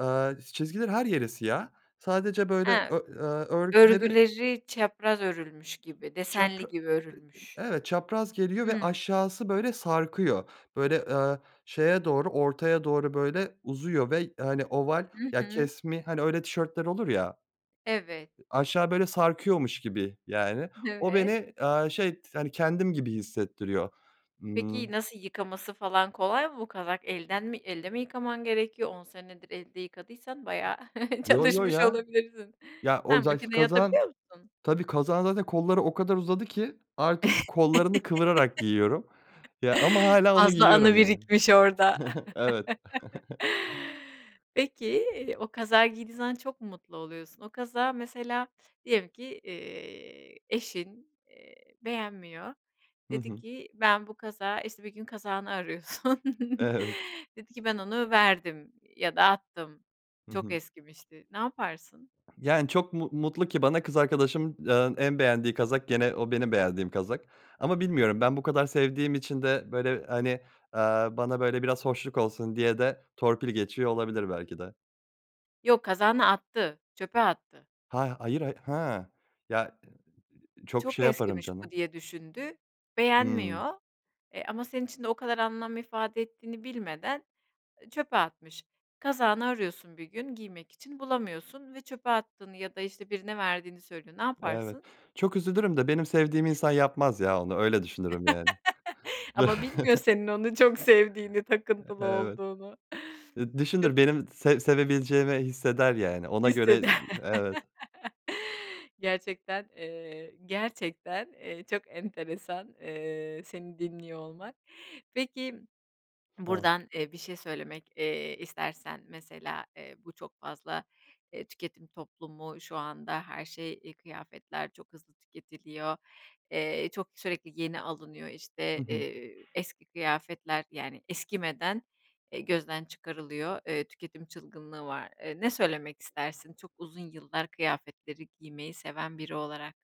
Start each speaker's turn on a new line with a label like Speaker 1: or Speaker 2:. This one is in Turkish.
Speaker 1: Eee, çizgilerin her yeri siyah. Sadece böyle
Speaker 2: He.
Speaker 1: ör örgüleri
Speaker 2: Örgüleri çapraz örülmüş gibi,
Speaker 1: Çapra
Speaker 2: desenli gibi
Speaker 1: Eee,
Speaker 2: örülmüş.
Speaker 1: eee, evet çapraz geliyor ve
Speaker 2: Hı.
Speaker 1: aşağısı böyle sarkıyor. Böyle, eee, şeye doğru ortaya doğru böyle uzuyor ve hani oval
Speaker 2: Hı
Speaker 1: ya
Speaker 2: hı.
Speaker 1: kesmi hani öyle tişörtler olur ya.
Speaker 2: Evet.
Speaker 1: Aşağı böyle sarkıyormuş gibi yani o
Speaker 2: Evet.
Speaker 1: beni, eee, şey hani kendim gibi hissettiriyor. Imm
Speaker 2: Peki nasıl yıkaması falan kolay mı? Bu kazak elden mi, elde mi yıkaman gerekiyor? 10 senedir elde yıkadıysan bayağı
Speaker 1: Yo, yo,
Speaker 2: çalışmış
Speaker 1: ya.
Speaker 2: olabilirsin.
Speaker 1: Ya,
Speaker 2: Ha,
Speaker 1: o za ki
Speaker 2: makineyi
Speaker 1: kazağın
Speaker 2: atabiliyor musun?
Speaker 1: Tabii kazağın zaten kolları o kadar uzadı ki artık kollarını kıvırarak giyiyorum. Ya ama hâlâ onu
Speaker 2: Fazla
Speaker 1: giyiyorum
Speaker 2: anı
Speaker 1: yani.
Speaker 2: birikmiş orada.
Speaker 1: Evet.
Speaker 2: Peki o kazağı giydiğin zaman çok mu mutlu oluyorsun? O kazağı mesela diyelim ki, eee, eşin, eee, beğenmiyor,
Speaker 1: Hı
Speaker 2: dedi
Speaker 1: hı.
Speaker 2: ki: "Ben bu kazağı" işte bir gün kazağını arıyorsun,
Speaker 1: Evet.
Speaker 2: dedi ki: "Ben onu verdim." ya da "Attım,
Speaker 1: Hı
Speaker 2: çok
Speaker 1: hı.
Speaker 2: eskimişti." Ne yaparsın?
Speaker 1: Yani çok mu mutlu ki bana kız arkadaşımın, eee, en beğendiği kazak gene o benim beğendiğim kazak ama bilmiyorum ben bu kadar sevdiğim için de böyle hani, eee, bana böyle biraz hoşluk olsun diye de torpil geçiyor olabilir belki de.
Speaker 2: Yok, kazağını attı, çöpe attı.
Speaker 1: Ha, hayır, ha, ha. Ya, eee, çok
Speaker 2: Çok
Speaker 1: şey yaparım
Speaker 2: eskimiş bu
Speaker 1: canım.
Speaker 2: diye düşündü,
Speaker 1: Hımm.
Speaker 2: beğenmiyor. Eee ama senin için de o kadar anlam ifade ettiğini bilmeden çöpe atmış. Kazağını arıyorsun bir gün giymek için bulamıyorsun ve çöpe attığını ya da işte birine verdiğini söylüyor, ne
Speaker 1: Evet.
Speaker 2: yaparsın?
Speaker 1: Çok üzülürüm de benim sevdiğim insan yapmaz ya onu öyle düşünürüm yani.
Speaker 2: Ama bilmiyor senin onu çok sevdiğini,
Speaker 1: Eee,
Speaker 2: takıntılı
Speaker 1: evet.
Speaker 2: olduğunu.
Speaker 1: Ed düşünür
Speaker 2: [unintelligible]
Speaker 1: benim se sevebileceğimi hisseder yani
Speaker 2: [unintelligible]
Speaker 1: ona göre Eee, evet.
Speaker 2: Gerçekten, eee, gerçekten, eee, çok enteresan, eee, seni dinliyor olmak. Peki
Speaker 1: A.
Speaker 2: buradan, eee, bir şey söylemek, eee, istersen mesela, eee, bu çok fazla, eee, tüketim toplumu şu anda her şey, eee, kıyafetler çok hızlı tüketiliyor, eee, çok sürekli yeni alınıyor işte,
Speaker 1: Hı hı.
Speaker 2: eee, eski kıyafetler yani eskimeden e gözden çıkarılıyor, eee, üketim çılgınlığı var Eee, ne söylemek istersin çok uzun yıllar kıyafetleri giymeyi seven biri olarak?